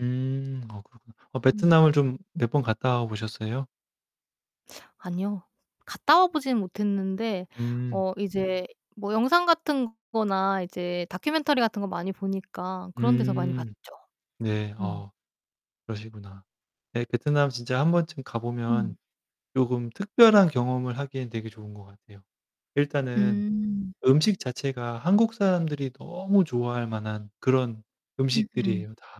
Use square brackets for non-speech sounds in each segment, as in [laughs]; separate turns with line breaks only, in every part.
음 아 그렇구나. 어
음.
베트남을 좀 몇번 갔다와보셨어요?
아니요. 갔다 와 보지는 못했는데
음.
어 이제 뭐 영상같은 거나 이제 다큐멘터리 같은 거 많이 보니까 그런데서 많이 봤죠.
음. 네.
음.
아 그러시구나. 네, 베트남 진짜 한번쯤
음.
가보면 쪼끔 특별한 경험을 하기엔 되게 좋은 것 같아요. 일단은
음.
음식 자체가 한국 사람들이 너무 좋아할 만한 그런
음 음.
음식들이에요. 다.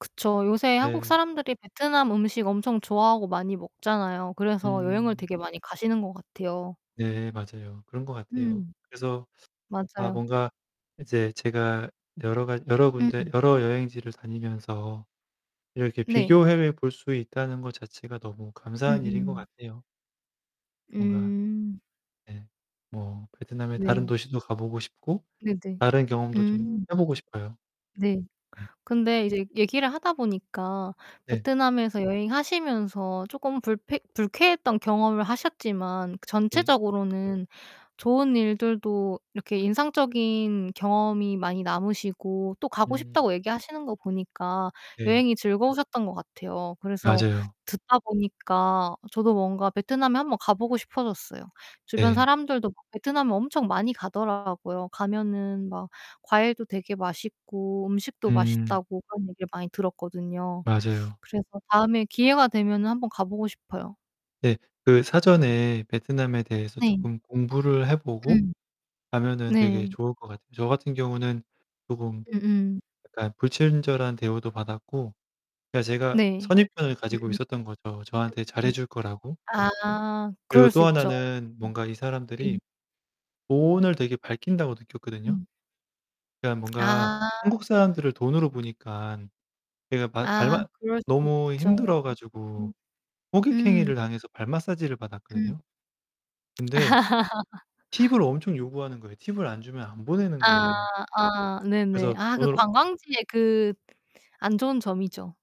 그쵸. 요새 한국
네.
사람들이 베트남 음식 엄청 좋아하고 많이 먹잖아요. 그래서 여행을
음.
되게 많이 가시는 거 같아요.
네, 맞아요. 그런 것 같아요.
음.
그래서 아
맞아요.
뭔가 이제 제가 여러 가 여러
음
군데
음.
여러 여행지를 다니면서 이렇게
네.
비교해 볼 수 있다는 것 자체가 너무 감사한 일인 것
음음.
같아요. 뭔가
음.
네. 뭐 베트남의 다른
네.
도시도 가보고 싶고
네 네.
다른 경험도 좀
음.
해보고 싶어요.
네.
네.
근데 이제 얘기를 하다 보니까
네.
베트남에서 여행하시면서 조금 불패 불쾌했던 경험을 하셨지만
네.
전체적으로는 좋은 일들도 이렇게 인상적인 경험이 많이 남으시고 또 가고
음.
싶다고 얘기하시는 거 보니까
네.
여행이 즐거우셨던 것 같아요. 그래서
맞아요.
듣다 보니까 저도 뭔가 베트남에 한번 가보고 싶어졌어요. 주변
네.
사람들도 [unintelligible] 베트남에 엄청 많이 가더라고요. 가면은 막 과일도 되게 맛있고 음식도
음.
맛있다고 그런 얘기를 많이 들었거든요.
맞아요.
그래서 다음에 기회가 되면은 한번 가보고 싶어요.
네. 그 사전에 베트남에 대해서
네.
조금 공부를 해보고
음.
가면은 되게
네.
좋을 것 같아요. 저 같은 경우는 조금
음음.
약간 불친절한 대우도 받았고 그니까 제가
네.
선입견을 가지고
음음.
있었던 거죠. 저한테
음 음.
잘해줄 거라고.
아,
그리고
그럴 수
또
있죠.
하나는 뭔가 이
네.
사람들이 돈을 되게 밝힌다고 느꼈거든요.
음.
그냥 뭔가
아.
한국 사람들을 돈으로 보니까 그냥 발
아
발맛
그럴 수
너무
있죠.
힘들어 가지고.
[unintelligible] 음.
호객행위를 당해서 발 마사지를
음.
받았거든요. 근데
[laughs]
팁을 엄청 요구하는 거예요. 팁을 안 주면 안 보내는
아,
거예요.
아, 네네.
그래서
아, 그
돈을
관광지에 그 안 좋은 점이죠.